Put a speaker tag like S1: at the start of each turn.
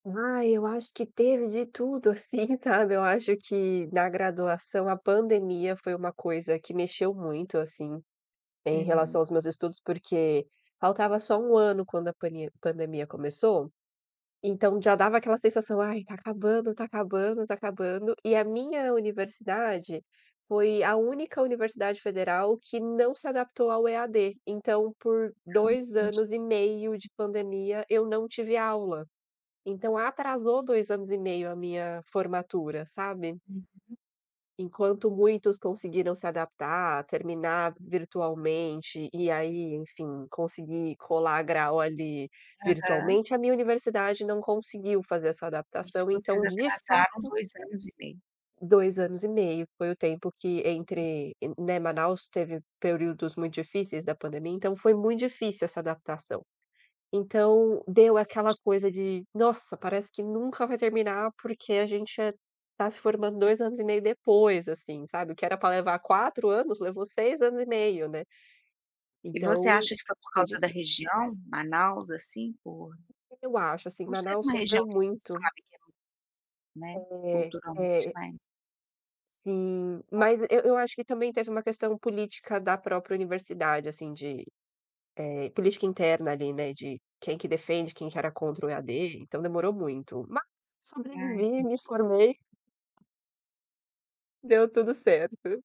S1: Ai, eu acho que teve de tudo, assim, sabe. Eu acho que na graduação a pandemia foi uma coisa que mexeu muito, assim, em relação
S2: Uhum.
S1: aos meus estudos, porque faltava só 1 ano quando a pane pandemia começou. Então já dava aquela sensação: "Ai está acabando, está acabando, está acabando". E a minha universidade foi a única universidade federal que não se adaptou ao EAD. Então, por
S2: Ah,
S1: 2
S2: entendi.
S1: anos e meio de pandemia, eu não tive aula. Então atrasou 2 anos e meio a minha formatura, sabe.
S2: Uhum.
S1: Enquanto muitos conseguiram se adaptar, terminar virtualmente e aí, enfim, conseguir colar grau ali
S2: Aham.
S1: virtualmente, a minha universidade não conseguiu fazer essa
S2: Vixe,
S1: adaptação,
S2: vocês
S1: então de
S2: atrasaram
S1: fato
S2: 2 anos e meio.
S1: 2 anos e meio foi o tempo que entre, né. Manaus teve períodos muito difíceis da pandemia, então foi muito difícil essa adaptação. Então deu aquela coisa de: "Nossa, parece que nunca vai terminar.", porque a gente está se formando 2 anos e meio depois, assim sabe, o que era pra levar 4 anos levou 6 anos e meio, né.
S2: E você
S1: Então,
S2: acha que foi por
S1: foi
S2: causa da
S1: difícil.
S2: região, Manaus, assim, por
S1: Eu acho, assim,
S2: por ser
S1: Manaus
S2: uma região
S1: sofreu
S2: que a gente
S1: muito.
S2: sabe que é, né.
S1: É,
S2: Culturalmente,
S1: é.
S2: mais
S1: Sim,
S2: Bom.
S1: mas eu eu acho que também teve uma questão política da própria universidade assim de, eh, política interna ali, né, de quem que defende, quem que era contra o EAD, então demorou muito. Mas
S2: Ah,
S1: sobrevivi, me
S2: entendi.
S1: formei. Deu tudo certo.